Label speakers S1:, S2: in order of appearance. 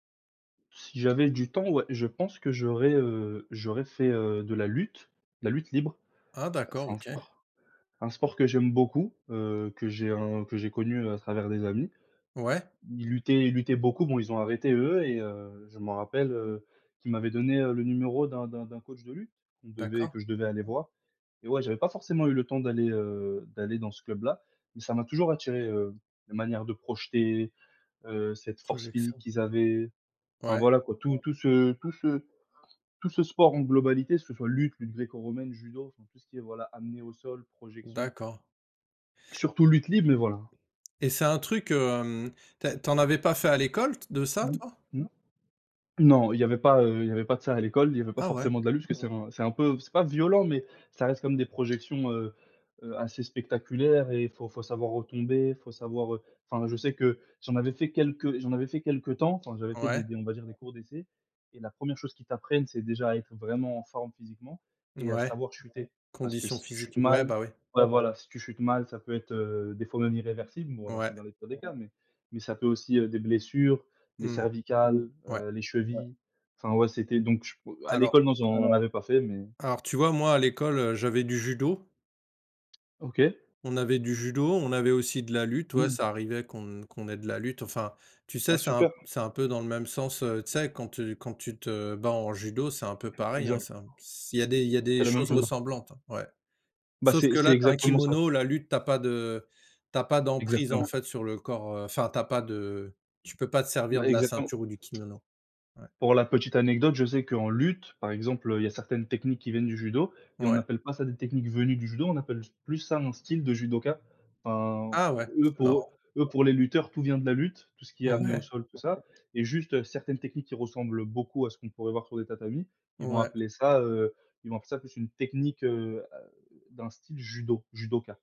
S1: Si j'avais du temps, ouais. Je pense que j'aurais, heu, j'aurais fait, heu, de la lutte, la lutte libre.
S2: Ah d'accord,
S1: C'est un
S2: OK.
S1: sport c'est un sport que j'aime beaucoup, heu, que j'ai un que j'ai connu à travers des amis.
S2: Ouais.
S1: Ils luttaient ils luttaient beaucoup, bon, ils ont arrêté eux et heu, je m'en rappelle, heu, qu'ils m'avaient donné le numéro d'un d'un d'un coach de lutte, qu'on devait
S2: D'accord.
S1: que je devais aller voir et ouais, j'avais pas forcément eu le temps d'aller, heu, d'aller dans ce club-là, mais ça m'a toujours attiré, heu, la manière de projeter, heu, cette force physique
S2: Projection.
S1: qu'ils avaient. Enfin
S2: Ouais.
S1: voilà quoi, tout tout ce tout ce tout ce sport en globalité, que ce soit lutte, lutte gréco-romaine, judo, enfin, tout ce qui est, voilà, amené au sol, projection
S2: D'accord.
S1: surtout lutte libre, mais voilà.
S2: Et c'est un truc, hem, tu as tu en avais pas fait à l'école t de ça,
S1: Mmh,
S2: toi?
S1: mmh. Non, il y avait pas, heu, il y avait pas de ça à l'école, il y avait pas
S2: Ah ouais.
S1: forcément de la lutte, parce que c'est un c'est un peu c'est pas violent, mais ça reste comme des projections, heu, heu, assez spectaculaires et il faut faut savoir retomber, faut savoir, heu enfin, je sais que j'en avais fait quelques j'en avais fait quelque temps, enfin, j'avais fait
S2: Ouais.
S1: des des on va dire des cours d'essai et la 1re chose qu'ils t'apprennent, c'est déjà à être vraiment en forme physiquement et à
S2: Mouais,
S1: savoir chuter, parce que
S2: condition
S1: si tu chutes
S2: physique. Ouais
S1: mal
S2: bah ouais.
S1: ouais, voilà, si tu chutes mal, ça peut être, heu, des fois même irréversible, bon alors,
S2: Ouais.
S1: c'est dans les pires des cas, mais mais ça peut aussi des blessures, les
S2: Mmh.
S1: cervicales,
S2: Ouais.
S1: heu, les chevilles, enfin, ouais, c'était donc ch à
S2: Alors
S1: l'école, non, j'en avais pas fait, mais
S2: alors, tu vois, moi à l'école, heu, j'avais du judo.
S1: OK.
S2: On avait du judo, on avait aussi de la lutte, ouais,
S1: Mmh.
S2: ça arrivait qu'on qu'on ait de la lutte. Enfin, tu sais,
S1: Ah
S2: c'est un p
S1: super.
S2: c'est un peu dans le même sens, heu, tu sais quand tu quand tu te bats en judo, c'est un peu pareil, hein,
S1: Exact.
S2: c'est un p il y a des il y a
S1: C'est
S2: des
S1: la même
S2: choses
S1: chose.
S2: ressemblantes, ouais.
S1: Bah,
S2: Sauf
S1: c'est
S2: que
S1: c'est
S2: là, tu as un
S1: exactement ça.
S2: kimono, la lutte, tu as pas de tu as pas d'emprise en
S1: Exactement.
S2: fait sur le corps, heu enfin tu as pas de tu peux pas te servir
S1: Bah
S2: de la
S1: exactement.
S2: ceinture ou du kimono. Ouais.
S1: Pour la petite anecdote, je sais qu'en lutte, par exemple, heu, il y a certaines techniques qui viennent du judo et on
S2: Ouais.
S1: appelle pas ça des techniques venues du judo, on appelle plus ça un style de judoka. Enfin,
S2: Ah
S1: p
S2: ouais,
S1: eux
S2: c'est
S1: pour eux
S2: marrant.
S1: eux, pour les lutteurs, tout vient de la lutte, tout ce qui est amené au
S2: Ouais.
S1: sol tout ça et juste certaines techniques qui ressemblent beaucoup à ce qu'on pourrait voir sur les tatamis, ils vont
S2: Ouais.
S1: appeler ça, heu, ils vont appeler ça plus une technique, heu, d'un style judo, judoka.